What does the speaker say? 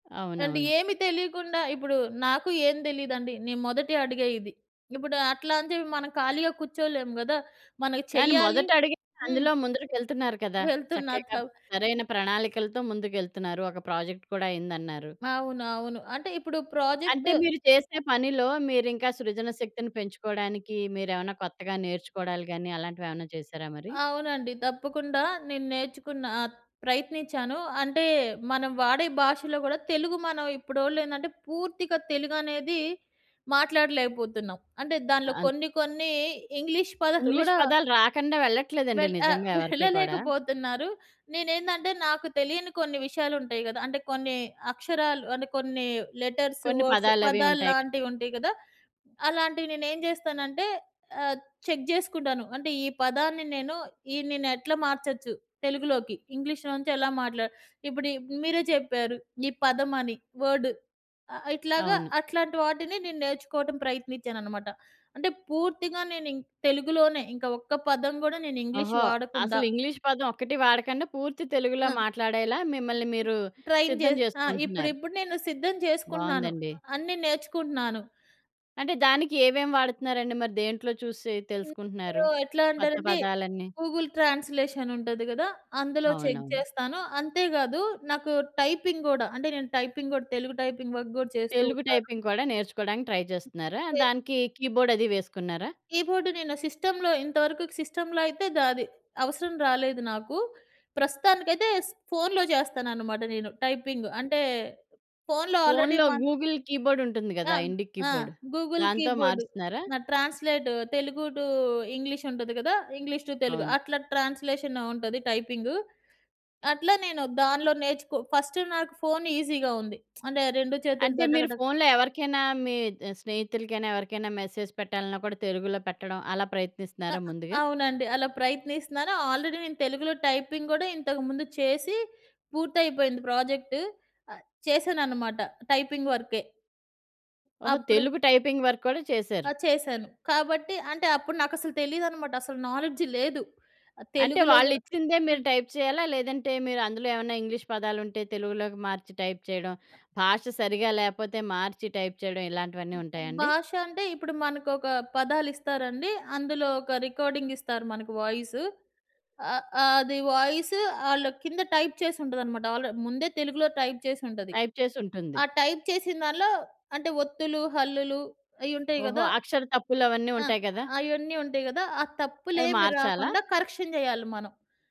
అంటే అవునవును. ఏమి తెలియకుండా ఇప్పుడు నాకు ఏం తెలీదండి. నేను మొదటి అడుగే ఇది. ఇప్పుడు అట్లా అని చెప్పి మనం ఖాళీగా కూర్చోలేం గదా! మనకి కానీ చెయ్యాలి మొదట అడిగింది హ్మ్. అందులో ముందరకెళ్తున్నారు కదా! చక్కగా వెళ్తున్నట్లవు. సరైన ప్రణాళికలతో ముందుకెళ్తున్నారు. ఒక ప్రాజెక్ట్ కూడా అయిందన్నారు. అవును. అవును. అంటే ఇప్పుడు ప్రాజెక్ట్ అంటే మీరు చేసే పనిలో మీరు ఇంకా సృజన శక్తిని పెంచుకోవడానికి మీరేమైనా కొత్తగా నేర్చుకోవడాలు గాని, అలాంటివి ఏమైనా చేశారా మరి? అవునండి. తప్పకుండా నేను నేర్చుకున్న. ఆ! ప్రయత్నించాను. అంటే మనం వాడే భాషలో గూడా తెలుగు మనం ఇప్పుడోళ్ళు ఏందంటే పూర్తిగా తెలుగనేది మాట్లాడలేకపోతున్నాం. అంటే దానిలో అవును. కొన్ని, కొన్ని ఇంగ్లీష్ పదాలు ఇంగ్లీష్ కూడా పదాలు రాకుండా వెళ్ళట్లేదండి వెళ్ ఆహ్, నిజంగా ఎవరికి కూడా. వెళ్ళలేకపోతున్నారు. నేనేందంటే నాకు తెలియని కొన్ని విషయాలు ఉంటాయి గదా! అంటే కొన్ని అక్షరాలు అంటే కొన్ని లెటర్స్, కొన్ని వర్డ్స్, పదాలు అవి ఉంటాయిగా. పదాల్లాంటివి ఉంటాయి గదా! అలాంటివి నేనేం జేస్తానంటే ఆహ్, చెక్ జేసుకుంటాను. అంటే ఈ పదాన్ని నేను ఈ నేను ఎట్లా మార్చొచ్చు తెలుగులోకి. ఇంగ్లీష్‌లో నుంచి ఎలా మాట్లాడ ఇప్పుడు ఇవి మీరే చెప్పారు. ఈ పదం అని. వర్డ్. ఆహ్, ఇట్లాగా అవును. అట్లాంటి వాటిని నేను నేర్చుకోవటం ప్రయత్నిచ్చానన్నమాట. అంటే పూర్తిగా ఇం నేను ఇంకా తెలుగులోనే ఇంకా. ఒక్క పదం గూడా నేను ఇంగ్లీష్ ఓహో! వాడకుండా. అసలు ఇంగ్లీష్ పదం ఒక్కటి వాడకుండా పూర్తి తెలుగులో ఆ! మాట్లాడేలా మిమ్మల్ని మీరు ట్రయిన్ చే సిద్ధం ఆ! జేసుకుంటున్నారు. ఇప్పుడిప్పుడు నేను సిద్ధం చేసుకుంటున్నాను. బావుందండి. అన్నీ నేర్చుకుంటున్నాను. అంటే దానికి ఏవేం వాడుతున్నారండి? మరి దేంట్లో చూసి ఇంకిప్పుడు తెలుసుకుంటున్నారు. ఎట్లా కొత్త అంటే‌నండి, పదాలన్నీ? గూగుల్ ట్రాన్స్‌లేషన్ ఉంటది గదా! అందులో చెక్ అవునవును. జేస్తాను. అంతే కాదు నాకు టైపింగ్ గూడా. అంటే, నేను టైపింగ్ కూడా తెలుగు టైపింగ్ వర్క్ కూడా చేస్తూ తెలుగు ఉంటాను. టైపింగ్ కూడా నేర్చుకోవడానికి ట్రై జేస్తున్నారా? కే దానికి కీబోర్డ్ అది వేసుకున్నారా? కీబోర్డ్ నేను సిస్టమ్‌లో ఇంతవరకు సిస్టమ్‌లో అయితే ద అది అవసరం రాలేదు నాకు. ప్రస్తుతానికైతే ఫోన్‌లో చేస్తాననమాట నేను టైపింగ్. అంటే ఫోన్‌లో ఆల్రెడీ ఫోన్‌లో మన గూగుల్ కీబోర్డ్ ఉంటుంది ఆ! గదా! ఇండిక్ ఆ! కీబోర్డ్. గూగుల్ దాంతో కీబోర్డు. మారుస్తున్నారా? నా ట్రాన్స్‌లేట్ తెలుగు టు ఇంగ్లీష్ ఉంటది గదా! ఇంగ్లీష్ టు తెలుగు అవును. అట్లా ట్రాన్స్‌లేషన్‌లో ఉంటది టైపింగు. అట్లా నేను దానిలో నేర్చుకో ఫస్ట్ నాకు ఫోన్ ఈజీగా ఉంది. అంటే రెండు అంటే చేతులుతో మీరు డగడగ ఫోన్‌లో ఎవరికైనా మీ స్నేహితులకైనా, ఎవరికైనా, మెసేజ్ పెట్టాలన్నా కూడా తెలుగులో పెట్టడం. అలా అ ప్రయత్నిస్తున్నారా ముందుగా? అవునండి. అలా ప్రయత్నిస్తున్నాను. ఆల్రెడీ నేను తెలుగులో టైపింగ్ గూడా ఇంతకు ముందు చేసి పూర్తయిపోయింది ప్రాజెక్ట్. చేశానన్నమాట టైపింగ్ వర్కే. ఓహో! అప్పుడు తెలుగు టైపింగ్ వర్క్ కూడా చేశారు. ఆ! చేశాను. కాబట్టి అంటే అప్పుడు నాకసలు తెలీదన్నమాట. అసలు నాలెడ్జ్ లేదు. అంటే తెలుగులో గూడా వాళ్ళిచ్చిం‌దే మీరు హ్మ్. టైప్ చేయాలా? లేదంటే మీరు అందులో ఏమన్నా ఇంగ్లీష్ పదాలుంటే తెలుగులోకి మార్చి టైప్ చేయడం, భాష సరిగ్గా లేకపోతే మార్చి టైప్ చేయడం, ఇలాంటివన్నీ మొత్తం ఉంటాయా అండి? భాష అంటే ఇప్పుడు మనకొక పదాలు ఇస్తారండి. అందులో ఒక రికార్డింగ్ ఇస్తారు మనకు వాయిస్. ఆ! అది వాయిస్ ఆళ్ళు కింద టైప్ చేసి ఉంటదనమాట. ఆల్రెడీ ముందే తెలుగులో టైప్ చేసి ఉంటది. టైప్ చేసి ఉంటుంది. ఆ టైప్ చేసిన దాంట్లో అంటే ఒత్తులు, హల్లులు అయి ఉంటాయి ఓహో! గదా! అక్షర తప్పులు అవన్నీ ఆ! ఉంటాయి గదా! అయన్నీ ఉంటాయి గదా! ఆ అవి తప్పులేమి మార్చాలా? రాకుండా కరెక్షన్ జేయాలి మనం.